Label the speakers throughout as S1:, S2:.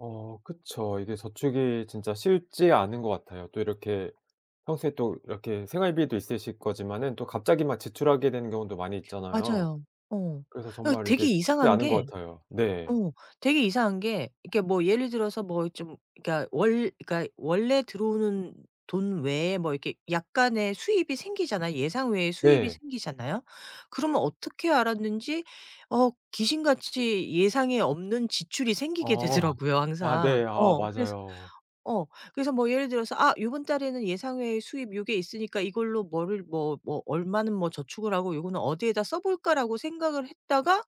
S1: 어 그쵸. 이게 저축이 진짜 쉽지 않은 것 같아요. 또 이렇게 평소에 또 이렇게 생활비도 있으실 거지만은 또 갑자기 막 지출하게 되는 경우도 많이 있잖아요.
S2: 맞아요. 어.
S1: 그래서
S2: 아
S1: 정말
S2: 되게
S1: 이게 쉽지
S2: 이상한
S1: 않은
S2: 게
S1: 것 같아요. 네.
S2: 어 되게 이상한 게 이렇게 뭐 예를 들어서 뭐 좀 그러니까 원 그러니까 원래 들어오는 돈 외에 뭐 이렇게 약간의 수입이 생기잖아요, 예상 외에 수입이
S1: 네.
S2: 생기잖아요. 그러면 어떻게 알았는지 어 귀신같이 예상에 없는 지출이 생기게
S1: 어.
S2: 되더라고요
S1: 아
S2: 항상.
S1: 네. 아
S2: 어 그래서
S1: 맞아요.
S2: 어 그래서 뭐 예를 들어서 '아 요번 달에는 예상 외의 수입 요게 있으니까 이걸로 뭐를 뭐 뭐 얼마는 뭐 저축을 하고 요거는 어디에다 써 볼까?'라고 생각을 했다가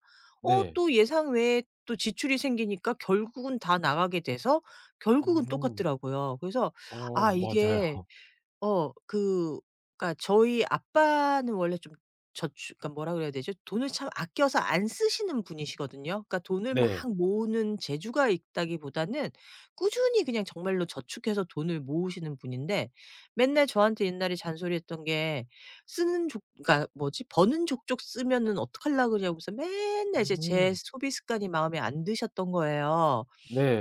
S2: 어
S1: 네.
S2: 또 예상외에 또 지출이 생기니까 결국은 다 나가게 돼서 결국은
S1: 음.
S2: 똑같더라고요. 그래서
S1: 어
S2: 아
S1: 맞아요.
S2: 이게 어 그 그러니까 저희 아빠는 원래 좀 저추 그러니까 뭐라 그래야 되죠 돈을 참 아껴서 안 쓰시는 분이시거든요. 그러니까 돈을 막
S1: 네.
S2: 모으는 재주가 있다기보다는 꾸준히 그냥 정말로 저축해서 돈을 모으시는 분인데 맨날 저한테 옛날에 잔소리했던 게 쓰는 족 그러니까 뭐지 버는 족족 쓰면은 어떡하려 그러냐면서 맨날 이제 제
S1: 음.
S2: 소비 습관이 마음에 안 드셨던 거예요.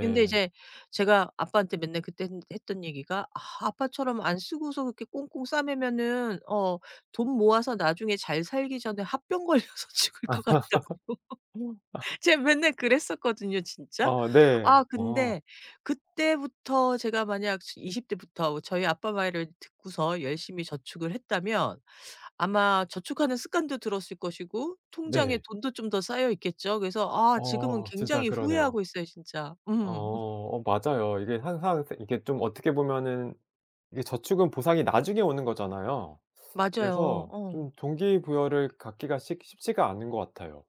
S2: 근데 이제 제가 아빠한테 맨날 그땐 했던 얘기가 아 아빠처럼 안 쓰고서 그렇게 꽁꽁 싸매면은 어 돈 모아서 나중에 잘 살기 전에 화병 걸려서 죽을
S1: 아.
S2: 것 같다고
S1: 아.
S2: 제가 맨날 그랬었거든요 진짜.
S1: 아 네.
S2: 아
S1: 아.
S2: 근데 그때부터 제가 만약 즈 20 대부터 저희 아빠 말을 듣고서 열심히 저축을 했다면 아마 저축하는 습관도 들었을 것이고 통장에
S1: 네.
S2: 돈도 좀 더 쌓여 있겠죠. 그래서 아 지금은
S1: 어 진짜
S2: 굉장히
S1: 그러네요.
S2: 후회하고 있어요 진짜. 음.
S1: 어. 어 맞아요. 이게 항상 쎄 이게 좀 어떻게 보면은 이제 저축은 보상이 나중에 오는 거잖아요.
S2: 맞아요.
S1: 그래서
S2: 어.
S1: 좀 동기부여를 갖기가 식 쉽지가 않은 것 같아요.